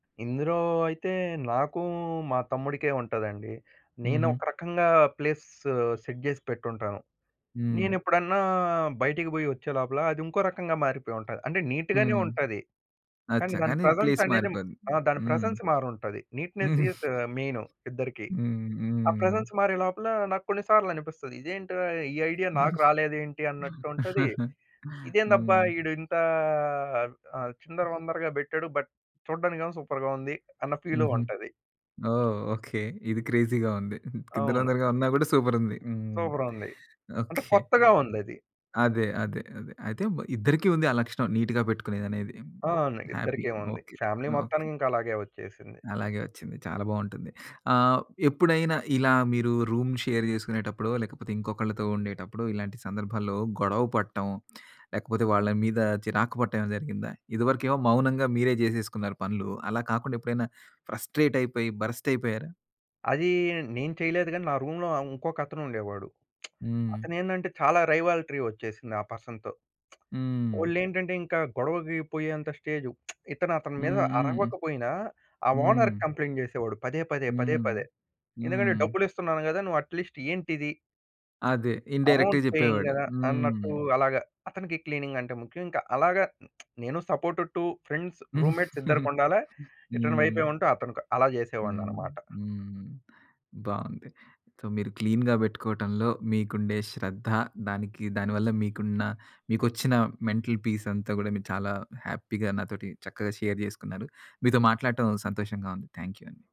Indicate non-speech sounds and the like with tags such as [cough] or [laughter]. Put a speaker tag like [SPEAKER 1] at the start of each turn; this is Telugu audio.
[SPEAKER 1] ఇందులో అయితే నాకు మా తమ్ముడికే ఉంటదండి. నేను
[SPEAKER 2] హుహు.
[SPEAKER 1] ఒక రకంగా ప్లేస్ సెట్ జేసి పెట్టుంటాను.
[SPEAKER 2] హ్మ్.
[SPEAKER 1] నేనెప్పుడన్నా బయటికి పోయి ఒచ్చే లోపల అది ఇంకో రకంగా మారిపోయుంటది. అంటే నీట్ గానే
[SPEAKER 2] హ్మ్.
[SPEAKER 1] ఉంటది. కానీ
[SPEAKER 2] అచ్చా!
[SPEAKER 1] దాని
[SPEAKER 2] కానీ
[SPEAKER 1] ప్రెజెన్స్
[SPEAKER 2] ప్లేస్
[SPEAKER 1] అనేది
[SPEAKER 2] మారిపోద్ది.
[SPEAKER 1] ఆ! దాని
[SPEAKER 2] హ్మ్.
[SPEAKER 1] ప్రెజెన్స్ మారుంటది. నీట్‌నేస్ ఇస్
[SPEAKER 2] [giggles]
[SPEAKER 1] మెయిను ఇద్దరికీ.
[SPEAKER 2] హ్మ్.
[SPEAKER 1] ఆ
[SPEAKER 2] హ్మ్.
[SPEAKER 1] ప్రెజెన్స్ మారే లోపల నాకు కొన్ని సార్లనిపిస్తది. ఇదేంటిరా ఈ ఐడియా నాకు
[SPEAKER 2] [giggles]
[SPEAKER 1] రాలేదేంటి? అన్నట్టుంటది.
[SPEAKER 2] [chuckles]
[SPEAKER 1] ఇదేందబ్బా!
[SPEAKER 2] హ్మ్.
[SPEAKER 1] ఈడు ఇంత ఆహ్, చిందరవందరగా పెట్టాడు. బట్ చూడడానికేమో సూపర్‌గా ఉంది! అన్న ఫీలు
[SPEAKER 2] హుహు.
[SPEAKER 1] ఉంటది.
[SPEAKER 2] ఓహ్! ఓకే. ఇది క్రేజీ‌గా ఉంది. [chuckles]
[SPEAKER 1] అవును.
[SPEAKER 2] కిందరుందరగా ఉన్నా కూడా సూపరుంది! హ్మ్.
[SPEAKER 1] సూపర్ ఉంది! అంటే
[SPEAKER 2] ఓకే.
[SPEAKER 1] కొత్తగా ఉందది.
[SPEAKER 2] అదే. అదే. అదే. అయితే ఇద్దరికీ ఉంది ఆ లక్షణం నీట్‌గా పెట్టుకునేదనే.
[SPEAKER 1] అవును.
[SPEAKER 2] హ్యాపీ
[SPEAKER 1] ఇద్దరికి ఉంది.
[SPEAKER 2] ఓకే.
[SPEAKER 1] Family
[SPEAKER 2] okay.
[SPEAKER 1] మొత్తానికి ఇంకా అలాగే వచ్చేసింది.
[SPEAKER 2] అలాగే వచ్చింది చాలా బావుంటుంది. ఆహ్, ఎప్పుడైనా ఇలా మీరు రూమ్ షేర్ చేసుకునేటప్పుడో లేకపోతే ఇంకొకళ్ళతో ఉండేటప్పుడు ఇలాంటి సందర్భాల్లో గొడవ పడటం లేకపోతే వాళ్ళ మీద చిరాకు పడటం ఏమైనా జరిగిందా? ఇదివరకేమో మౌనంగా మీరే చేసేసుకున్నారు పనులు. అలా కాకుండా ఎప్పుడైనా ఫ్రస్ట్రేట్ అయిపోయి బరస్ట్ అయిపోయారా?
[SPEAKER 1] అది నేను చేయలేదు గాని నా రూమ్‌లో ఇంకొకతనుండేవాడు. [smacks lips]
[SPEAKER 2] హ్మ్.
[SPEAKER 1] అతనేందంటే చాలా రైవాల్ట్రీ వచ్చేసింది ఆ పర్సన్‌తో.
[SPEAKER 2] హ్మ్.
[SPEAKER 1] ఓళ్ళేంటంటే ఇంకా గొడవకి పోయేంత స్టేజు. [smacks lips] ఇతను అతని మీద
[SPEAKER 2] హ్మ్. హ్మ్.
[SPEAKER 1] అరవక పోయినా ఆ
[SPEAKER 2] హ్మ్.
[SPEAKER 1] ఓనర్‌కి కంప్లెయింట్ చేసేవాడు పదే పదే, పదే
[SPEAKER 2] హ్మ్.
[SPEAKER 1] పదే. ఎందుకంటే
[SPEAKER 2] హ్మ్.
[SPEAKER 1] డబ్బులిస్తున్నాను గదా నువ్వు అట్‌లిస్ట్ ఏంటిది?
[SPEAKER 2] అదే ఇన్‌డైరెక్ట్‌గా
[SPEAKER 1] అమౌంట్ పేయింగ్
[SPEAKER 2] చెప్పేవాడు.
[SPEAKER 1] గదా!
[SPEAKER 2] హ్మ్.
[SPEAKER 1] అన్నట్టు అలాగా అతనికి క్లీనింగ్ అంటే ముఖ్యం. ఇంకా అలాగా [smacks lips] నేను సపోర్ట్ టు ఫ్రెండ్స్, రూమ్‌మేట్స్ ఇద్దరికి
[SPEAKER 2] [giggles]
[SPEAKER 1] ఉండాల ఇటు
[SPEAKER 2] హ్మ్.
[SPEAKER 1] వైపే ఉంటూ అతను అలా
[SPEAKER 2] హ్మ్.
[SPEAKER 1] చేసేవాడినన్నమాట.
[SPEAKER 2] హ్మ్. బావుంది. సో మీరు క్లీన్‌గా పెట్టుకోవటంలో మీకుండే శ్రద్ధ, దానికి దాని వల్ల మీకున్న మీకొచ్చిన మెంటల్ పీస్ అంతా కూడా మీరు చాలా హ్యాపీ‌గా నాతోటి చక్కగా షేర్ చేసుకున్నారు. మీతో మాట్లాడటం సంతోషంగా ఉంది. థాంక్ యూ అండి.